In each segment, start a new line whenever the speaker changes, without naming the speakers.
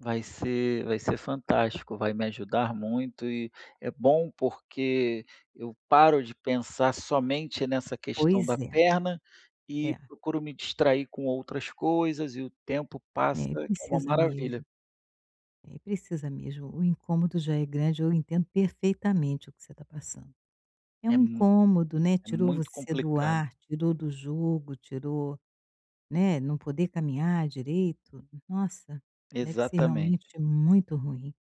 Vai ser vai ser fantástico, vai me ajudar muito e é bom porque eu paro de pensar somente nessa questão
Pois
da
é,
perna e
é.
procuro me distrair com outras coisas e o tempo passa
É, e
que é uma
precisa
maravilha.
mesmo. É, precisa mesmo, o incômodo já é grande, eu entendo perfeitamente o que você está passando, é
É
um
mu
incômodo, né.
é
Tirou
muito
você do
complicado.
ar, tirou do jogo, tirou né, não poder caminhar direito, nossa, deve ser
Exatamente.
realmente muito ruim.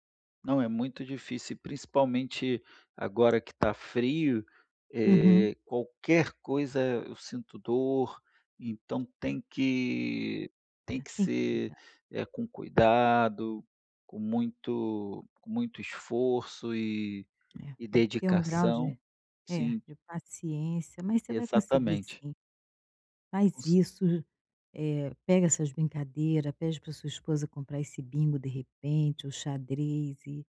Não, é muito difícil, e principalmente agora que está frio,
Uhum.
eh, qualquer coisa eu sinto dor, então tem que tem
É,
que
tem que
ser,
cuidar.
eh, com cuidado, com muito com muito esforço e
É.
e
Tem que ter um grau de
dedicação.
é,
Sim.
de paciência, mas você vai conseguir
Exatamente.
sim.
Com
Faz
ce
isso, eh, pega essas brincadeira, pede para sua esposa comprar esse bingo, de repente, o xadrez e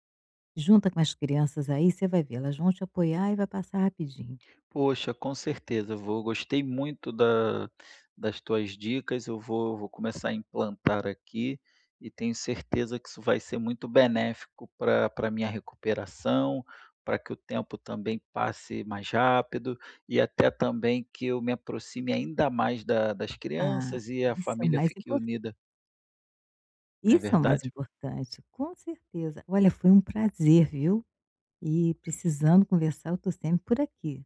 junta com as crianças aí, você vai ver, elas vão te apoiar e vai passar rapidinho.
Poxa, com certeza vou Gostei muito da das tuas dicas, eu vou vou começar a implantar aqui, e tenho certeza que isso vai ser muito benéfico para para minha recuperação, para que o tempo também passe mais rápido, e até também que eu me aproxime ainda mais da das
Ah,
crianças e a
isso é o
família
mais
fique
importan
unida. Né,
Isso é o mais
verdade?
importante, com certeza. Olha, foi um prazer, viu? E precisando conversar, eu estou sempre por aqui.